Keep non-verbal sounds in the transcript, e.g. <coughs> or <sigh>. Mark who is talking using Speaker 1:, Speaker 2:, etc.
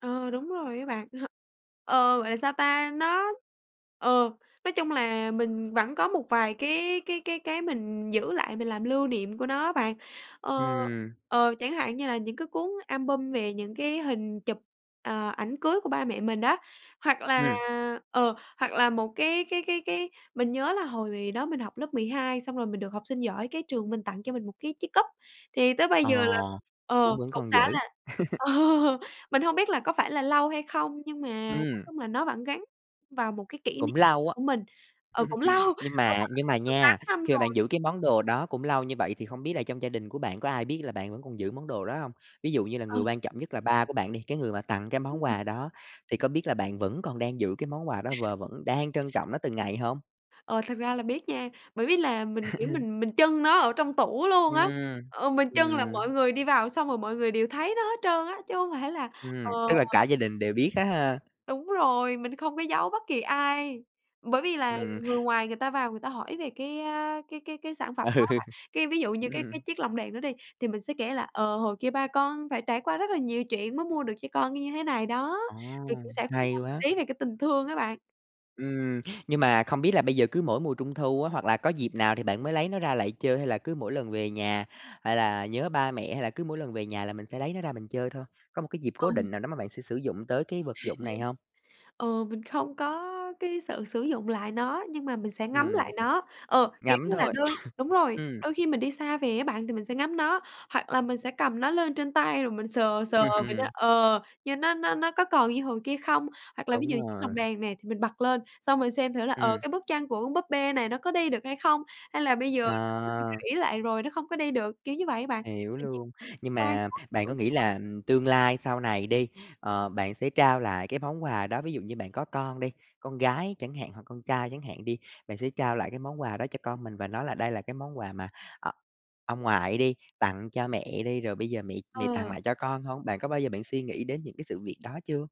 Speaker 1: Ờ, đúng rồi á bạn. <chuckles> Ờ, gọi là sao ta, nó, ờ, nói chung là mình vẫn có một vài cái cái cái cái mình giữ lại mình làm lưu niệm của nó á bạn. Ờ,
Speaker 2: Ừm.
Speaker 1: ờ, chẳng hạn như là những cái cuốn album về những cái hình chụp, ờ, ảnh cưới của ba mẹ mình á. Hoặc là
Speaker 2: Ừm.
Speaker 1: ờ, hoặc là một cái cái cái cái mình nhớ là hồi đó mình học lớp 12 xong rồi mình được học sinh giỏi cái trường mình tặng cho mình một cái chiếc cúp, thì tới bây
Speaker 2: Ờ,
Speaker 1: giờ là ờ,
Speaker 2: cũng vẫn
Speaker 1: cũng
Speaker 2: còn
Speaker 1: đã
Speaker 2: giữ.
Speaker 1: là ờ,
Speaker 2: <laughs>
Speaker 1: mình hông biết là có phải là lâu hay không, nhưng mà nói
Speaker 2: Ừm.
Speaker 1: chung là nó vẫn gắn vào một cái kỷ
Speaker 2: Cũng
Speaker 1: niệm
Speaker 2: lâu á.
Speaker 1: của mình. Ờ, cũng lâu,
Speaker 2: <chuckles> Nhưng
Speaker 1: đúng
Speaker 2: mà
Speaker 1: rồi
Speaker 2: nhưng mà
Speaker 1: được 8
Speaker 2: nha,
Speaker 1: năm
Speaker 2: khi mà
Speaker 1: rồi.
Speaker 2: bạn giữ cái món đồ đó cũng lâu như vậy thì không biết là trong gia đình của bạn có ai biết là bạn vẫn còn giữ món đồ đó hông? Ví dụ như là người
Speaker 1: Ừ.
Speaker 2: quan trọng nhất là ba của bạn đi, cái người mà tặng cái
Speaker 1: Ưm,
Speaker 2: món
Speaker 1: ừm.
Speaker 2: quà đó, thì có biết là bạn vẫn còn đang giữ cái món quà đó và vẫn đang trân trọng nó từng ngày hông?
Speaker 1: Ờ, thực ra là biết nha, bởi vì là mình, kiểu,
Speaker 2: <chuckles>
Speaker 1: mình mình chưng nó ở trong tủ luôn á,
Speaker 2: Ừm,
Speaker 1: ờ, mình chưng là mọi
Speaker 2: ừm.
Speaker 1: người đi vào xong rồi mọi người đều thấy nó hết trơn á, chứ hông phải là ờ.
Speaker 2: Ừm, tức là cả gia đình đều biết á ha?
Speaker 1: Đúng rồi, mình không có giấu bất kỳ ai, bởi vì là
Speaker 2: Ừm.
Speaker 1: người ngoài người ta vào người ta hỏi về cái, a, cái cái cái sản phẩm đó
Speaker 2: Ừ,
Speaker 1: á bạn, cái, ví dụ như cái cái cái
Speaker 2: ừm.
Speaker 1: chiếc lồng đèn đó đi, thì mình sẽ kể là, ờ, "Hồi kia ba con phải trải qua rất là nhiều chuyện mới mua được cho con như thế này đó."
Speaker 2: Ồ!
Speaker 1: Mình cũng sẽ
Speaker 2: Hay
Speaker 1: <unintelligible>
Speaker 2: quá!
Speaker 1: tí về cái tình thương á bạn.
Speaker 2: Ừm, nhưng mà không biết là bây giờ cứ mỗi mùa Trung thu, hoặc là có dịp nào thì bạn mới lấy nó ra lại chơi hay là cứ mỗi lần về nhà, hay là nhớ ba mẹ, hay là cứ mỗi lần về nhà là mình sẽ lấy nó ra mình chơi thôi, có một cái dịp cố
Speaker 1: Ừm.
Speaker 2: định nào đó mà bạn sẽ sử dụng tới cái vật dụng này hông?
Speaker 1: <chuckles> Ừ, mình không có cái sự sử dụng lại nó, nhưng mà mình sẽ ngắm lại
Speaker 2: Ừm.
Speaker 1: nó. Ờ, kiểu
Speaker 2: Ngắm
Speaker 1: như là
Speaker 2: thôi,
Speaker 1: đôi đúng
Speaker 2: <coughs>
Speaker 1: rồi,
Speaker 2: ừm.
Speaker 1: đôi khi mình đi xa về á bạn, thì mình sẽ ngắm nó, hoặc là mình sẽ cầm nó lên trên tay rồi mình sờ sờ mình nói,
Speaker 2: Ừm.
Speaker 1: ờ, như nó nó nó có còn như hồi kia không? Hoặc là ví dụ
Speaker 2: Đúng
Speaker 1: như chiếc lồng
Speaker 2: rồi.
Speaker 1: nè, thì mình bật lên, xong mình xem thử là, ờ,
Speaker 2: Ừm.
Speaker 1: cái bước chân của con búp bê này nó có đi được hay không, hay là bây giờ nó bị
Speaker 2: À.
Speaker 1: rỉ lại rồi nó không có đi được, kiểu như vậy á bạn.
Speaker 2: Hiểu
Speaker 1: Mình chỉ
Speaker 2: luôn, nhưng
Speaker 1: quan
Speaker 2: mà
Speaker 1: sát
Speaker 2: bạn
Speaker 1: thử
Speaker 2: có nghĩ
Speaker 1: thôi.
Speaker 2: là, ừm, tương lai sau này đi, ờ, bạn sẽ trao lại cái món quà đó. Ví dụ như bạn có con đi, con gái chẳng hạn hoặc con trai chẳng hạn đi, bạn sẽ trao lại cái món quà đó cho con mình và nói là đây là cái món quà mà, ờ, ông ngoại đi, tặng cho mẹ đi, rồi bây giờ mẹ mẹ tặng
Speaker 1: Ờ.
Speaker 2: lại cho con hông? Bạn có bao giờ bạn suy nghĩ đến những cái sự việc đó chưa?